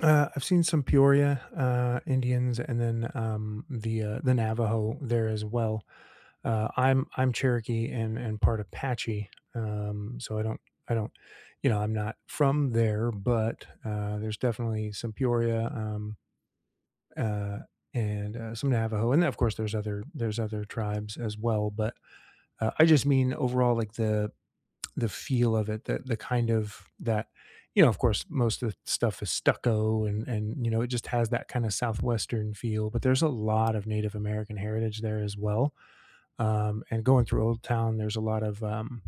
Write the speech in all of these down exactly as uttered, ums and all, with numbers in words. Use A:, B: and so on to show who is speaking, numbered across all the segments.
A: Uh, I've seen some Peoria, uh, Indians, and then, um, the, uh, the Navajo there as well. Uh, I'm I'm Cherokee and and part Apache, um, so I don't I don't, you know, I'm not from there, but, uh, there's definitely some Peoria, um, uh, and, uh, some Navajo, and then of course there's other there's other tribes as well, but, uh, I just mean overall like the the feel of it, the the kind of that, you know, of course, most of the stuff is stucco and and, you know, it just has that kinda southwestern feel, but there's a lot of Native American heritage there as well, um, and going through Old Town, there's a lot of, um,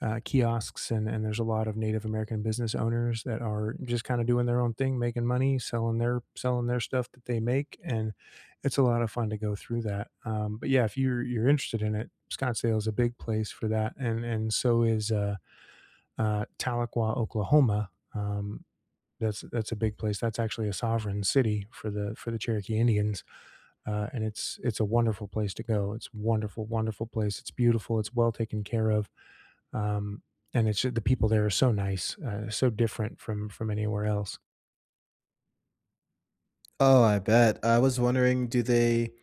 A: uh, kiosks and and there's a lot of Native American business owners that are just kinda doing their own thing, making money, selling their selling their stuff that they make, and it's a lot of fun to go through that, um, but yeah, if you're you're interested in it, Scottsdale is a big place for that and and so is, uh, uh, Tahlequah, Oklahoma, um, that's that's a big place, that's actually a sovereign city for the for the Cherokee Indians, uh, and it's it's a wonderful place to go, it's a wonderful, wonderful place, it's beautiful, it's well taken care of, um, and it's ju the people there are so nice, uh, so different from from anywhere else.
B: Oh, I bet, I was wondering, do they,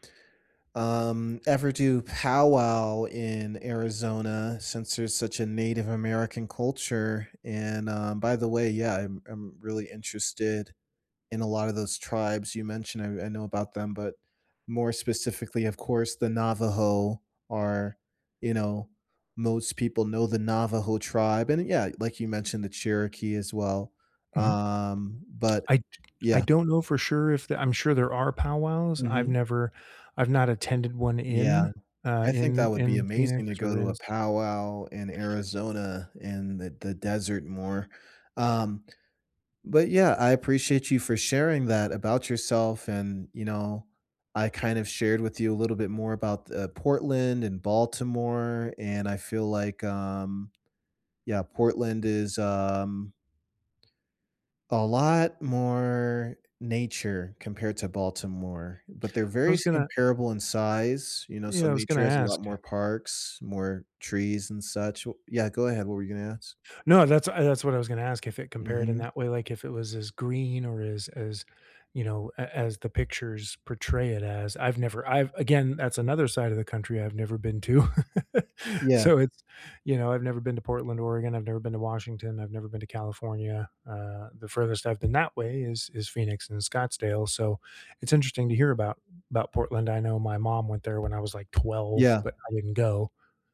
B: um, ever do powwow in Arizona, since there's such a Native American culture, and, um, by the way, yeah, I'm I'm really interested in a lot of those tribes you mentioned, I I know about them, but more specifically, of course, the Navajo are, you know most people know the Navajo tribe, and, uh, yeah, like you mentioned, the Cherokee as well,
A: Mhm.
B: um, but
A: I d I
B: yeah.
A: don't know for sure if the I'm sure there are powwows. I've
B: Mhm.
A: never, I've not attended one
B: Yeah,
A: in, uh,
B: I think that
A: in
B: would be
A: in
B: amazing to
A: Phoenix
B: go
A: or
B: to
A: in
B: a
A: S
B: powwow in Arizona in the the desert more, um, but yeah, I appreciate you for sharing that about yourself, and, you know, I kind of shared with you a little bit more about th uh, Portland and Baltimore, and I feel like, um, yeah, Portland is ,um a lot more nature compared to Baltimore, but they're
A: I
B: very
A: was
B: si
A: gonna
B: comparable in size, you know, so
A: Yeah, I was
B: nature
A: gonna
B: has a lot
A: ask.
B: more parks, more trees and such wh yeah, go ahead, what were you gonna ask?
A: No, that's, uh, that's what I was gonna ask, if it compared in
B: Mhm.
A: that way, like, if it was as green or as as, you know, a as the pictures portray it as. I've never, I've again, that's another side of the country I've never been to.
B: Yeah.
A: So it's, you know, I've never been to Portland, Oregon, I've never been to Washington, I've never been to California, uh, the furthest I've been that way is is Phoenix and Scottsdale, so it's interesting to hear about about Portland. I know my mom went there when I was like twelve,
B: Yeah.
A: but I didn't go.